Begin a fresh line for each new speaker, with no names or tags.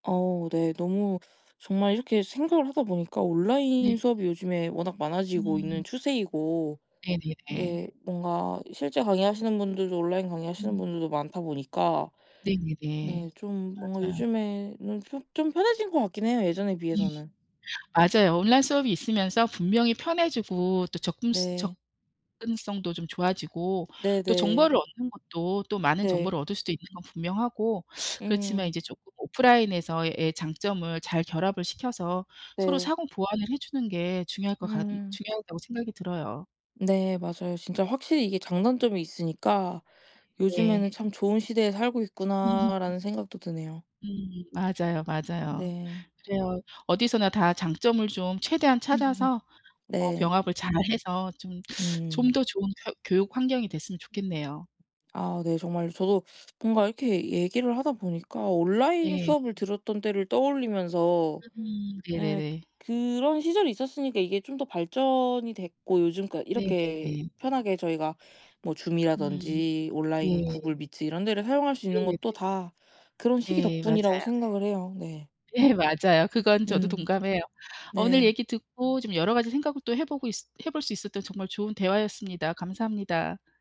어 네. 너무 정말 이렇게 생각을 하다보니까
네.
온라인 수업이 요즘에 워낙 많아지고
음.
있는 추세이고
네네네.
근데 뭔가 실제 강의하시는 분들도 온라인 강의하시는
음.
분들도 많다 보니까 네
네네네.
좀 뭔가
맞아요.
요즘에는 편 좀 편해진 것 같긴 해요, 예전에
예
비해서는.
맞아요. 온라인 수업이 있으면서 분명히 편해지고 또 접근
네.
접근성도 좀 좋아지고 또
네네.
정보를 얻는 것도 또 많은
네.
정보를 얻을 수도 있는 건 분명하고 그렇지만
음.
이제 조금 오프라인에서의 장점을 잘 결합을 시켜서 서로
네.
상호 보완을 해주는 게 중요할 것 같
음.
중요하다고 생각이 들어요.
네 맞아요. 진짜 확실히 이게 장단점이 있으니까
네.
요즘에는 '참 좋은 시대에 살고
음
있구나.'라는 생각도 드네요.
음 맞아요, 맞아요.
네.
그래요. 어디서나 다 장점을 좀 최대한 찾아서 어
네.
병합을 잘해서 좀 좀
음.
더 좋은 쿄 교육 환경이 됐으면 좋겠네요.
아 네. 정말 저도 뭔가 이렇게 얘기를 하다 보니까 온라인
네.
수업을 들었던 때를 떠올리면서
음
예
네네네.
그런 시절이 있었으니까 이게 좀 더 발전이 됐고 요즘 그러니까 이렇게
네네네.
편하게 저희가 뭐
음
Zoom이라든지 온라인
네.
Google Meet 이런 데를 사용할 수 있는 것도
네네네.
다 그런 시기
네
덕분이라고
맞아요.
생각을 해요. 네.
네 맞아요. 그건 저도
음.
동감해요. 어 오늘
네.
얘기 듣고 좀 여러 가지 생각을 또 해보고 있 해볼 수 있었던 정말 좋은 대화였습니다. 감사합니다.